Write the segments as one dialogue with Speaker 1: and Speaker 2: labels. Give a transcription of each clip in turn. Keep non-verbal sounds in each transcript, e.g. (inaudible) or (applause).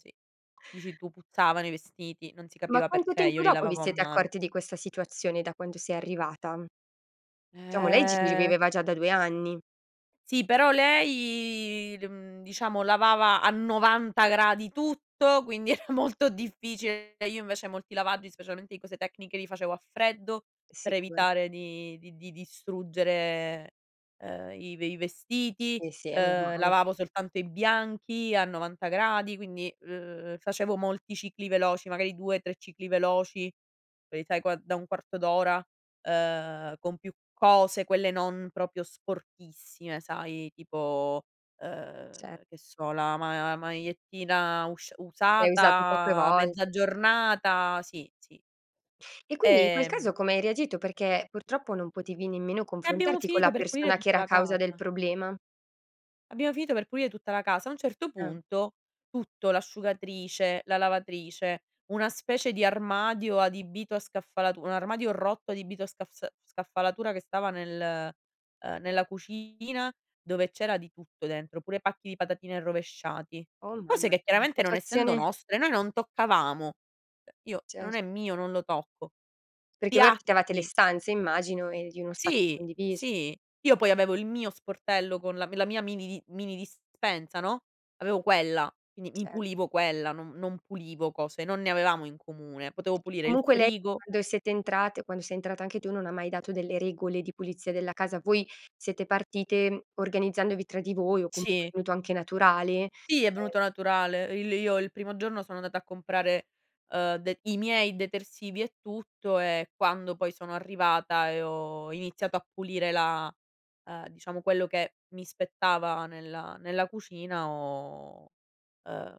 Speaker 1: Sì, dici tu "puzzavano i vestiti", non si
Speaker 2: Ma
Speaker 1: capiva
Speaker 2: quanto
Speaker 1: perché, io
Speaker 2: tempo
Speaker 1: li
Speaker 2: dopo vi
Speaker 1: lavavo a
Speaker 2: siete
Speaker 1: mano.
Speaker 2: accorti di questa situazione da quando sei arrivata? Diciamo lei c ci
Speaker 1: Eh.
Speaker 2: viveva già da 2 anni.
Speaker 1: Sì però lei l mhmm diciamo lavava a 90 gradi tutto, quindi era molto difficile. E io invece molti lavaggi, specialmente di cose tecniche li facevo a freddo per
Speaker 2: Sicura
Speaker 1: evitare di di di distruggere, ehm, i ve i vestiti,
Speaker 2: Sì sì è
Speaker 1: ehm
Speaker 2: normale.
Speaker 1: lavavo soltanto i bianchi a 90 gradi, quindi, ehm, facevo molti cicli veloci, magari 2, 3 cicli veloci, quelli sai qua da un quarto d'ora, ehm, con più cose, quelle non proprio sporchissime, sai tipo, ehm
Speaker 2: Cer
Speaker 1: che so, la ma magliettina usc
Speaker 2: Che hai usato poche
Speaker 1: usata mezza
Speaker 2: volte.
Speaker 1: giornata, sì, sì.
Speaker 2: E quindi in quel caso
Speaker 1: Ehm
Speaker 2: come hai reagito? Perché purtroppo non potevi nemmeno
Speaker 1: E abbiamo
Speaker 2: confrontarti, con la
Speaker 1: finito per pulire
Speaker 2: persona che
Speaker 1: tutta
Speaker 2: era
Speaker 1: la
Speaker 2: causa del
Speaker 1: casa.
Speaker 2: problema.
Speaker 1: Abbiamo finito per pulire tutta la casa. A un certo
Speaker 2: Eh.
Speaker 1: punto tutto, l'asciugatrice, la lavatrice, una specie di armadio adibito a scaffalatura, un armadio rotto adibito a scafs scaffalatura che stava nel, ehm, nella cucina dove c'era di tutto dentro, pure pacchi di patatine rovesciati.
Speaker 2: Oh
Speaker 1: Cose
Speaker 2: mamma,
Speaker 1: che
Speaker 2: (unintelligible)
Speaker 1: chiaramente non essendo
Speaker 2: situazione.
Speaker 1: nostre noi non toccavamo. Io, se non
Speaker 2: Certo.
Speaker 1: è mio, non lo tocco.
Speaker 2: Perché voi affittavate le
Speaker 1: Piatti
Speaker 2: stanze, immagino e di uno spazio
Speaker 1: Sì,
Speaker 2: condiviso.
Speaker 1: sì. Io poi avevo il mio sportello con la la mia mini mini dispensa, no, avevo quella, quindi mi
Speaker 2: Certo.
Speaker 1: pulivo quella, non non pulivo cose non ne avevamo in comune. Potevo pulire il
Speaker 2: Comunque lei,
Speaker 1: frigo
Speaker 2: quando siete entrate, quando sei entrata anche tu, non ha mai dato delle regole di pulizia della casa. Voi siete partite organizzandovi tra di voi o comunque è
Speaker 1: Sì.
Speaker 2: venuto anche naturale?
Speaker 1: Sì, è
Speaker 2: Ehm
Speaker 1: venuto naturale. Il io il primo giorno sono andata a comprare ehm de i miei detersivi e tutto e quando poi sono arrivata e ho iniziato a pulire la, ehm, diciamo quello che mi spettava nella nella cucina ho ehm,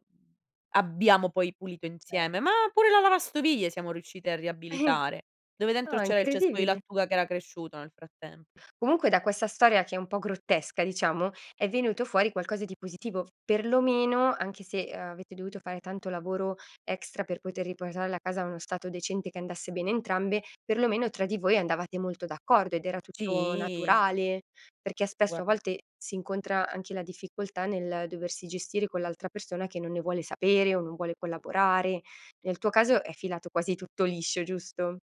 Speaker 1: abbiamo poi pulito
Speaker 2: Certo.
Speaker 1: insieme, ma pure la lavastoviglie siamo riusciti a riabilitare, dove dentro
Speaker 2: No è
Speaker 1: c'era il cespo di
Speaker 2: incredibile.
Speaker 1: lattuga che era cresciuto nel frattempo.
Speaker 2: Comunque da questa storia che è un po' grottesca, diciamo, è venuto fuori qualcosa di positivo, perlomeno anche se avete dovuto fare tanto lavoro extra, per poter riportare la casa a uno stato decente che andasse bene a entrambe, perlomeno tra di voi andavate molto d'accordo ed era tutto
Speaker 1: Sì.
Speaker 2: naturale. Perché spesso a
Speaker 1: Guard
Speaker 2: volte si incontra anche la difficoltà nel doversi gestire con l'altra persona che non ne vuole sapere o non vuole collaborare. Nel tuo caso è filato quasi tutto liscio, giusto?